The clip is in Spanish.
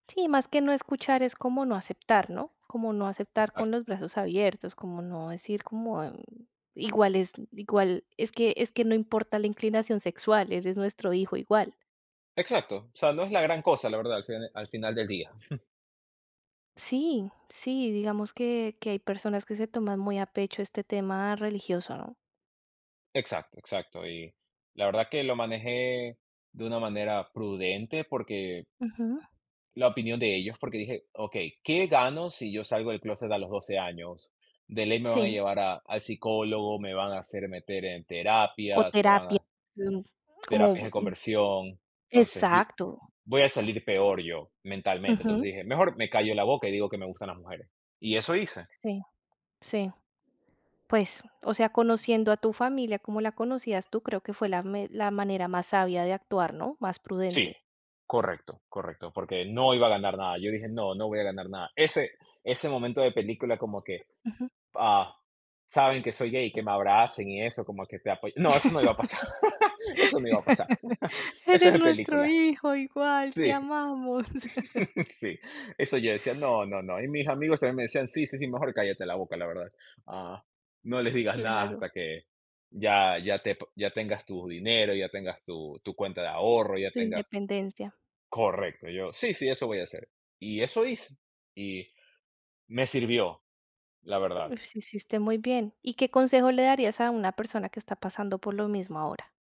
Sí, más que no escuchar, es como no aceptar, ¿no? Como no aceptar con Exacto. los brazos abiertos, como no decir: "Como, mm, igual es igual es que es que no importa la inclinación sexual, eres nuestro hijo igual". Exacto, o sea, no es la gran cosa, la verdad, al fin al final del día, jum. Sí, sí, digamos que que hay personas que se toman muy a pecho este tema religioso, ¿no? Exacto, exacto, y la verdad que lo manejé, de una manera prudente, porque Ujú. la opinión de ellos, porque dije: "Okey, ¿qué gano si yo salgo del clóset a los 12 años?, de ley me van a Sí. llevar a al psicólogo, me van a hacer meter en O terapias, me van terapia. a [unintelligible] como, terapias de mm, conversión. Entonces yo, exacto. voy a salir peor yo mentalmente", entonces Ujú. dije: "Mejor me callo la boca, y digo que me gustan las mujeres", y eso hice. Sí, sí, pues, o sea, conociendo a tu familia como la conocías tú creo que fue la me la manera más sabia de actuar, ¿no?, más Sí, prudente. correcto, correcto, porque no iba a ganar nada, yo dije: "No, no voy a ganar nada". Ese ese momento de película, como que: Ujú. "Ah, saben que soy gay", que me abracen y eso, como que te apoy no eso no iba a pasar, eso no iba a pasar, eso es Eres de nuestro película, hijo, igual, te sí, amamos. sí, eso yo decía: "No, no, no". Y mis amigos también me decían: "Sí, sí, sí, mejor cállate la boca, la verdad, ah, no les digas nada Claro. hasta que ya, ya te ya tengas tu dinero, ya tengas tu tu cuenta de ahorro, ya Tu tengas" independencia. Correcto, yo: "Sí, sí, eso voy a hacer". Y eso hice, y me sirvió, la verdad. Mm, sí hiciste muy bien, ¿y qué consejo le darías a una persona que está pasando por lo mismo ahora?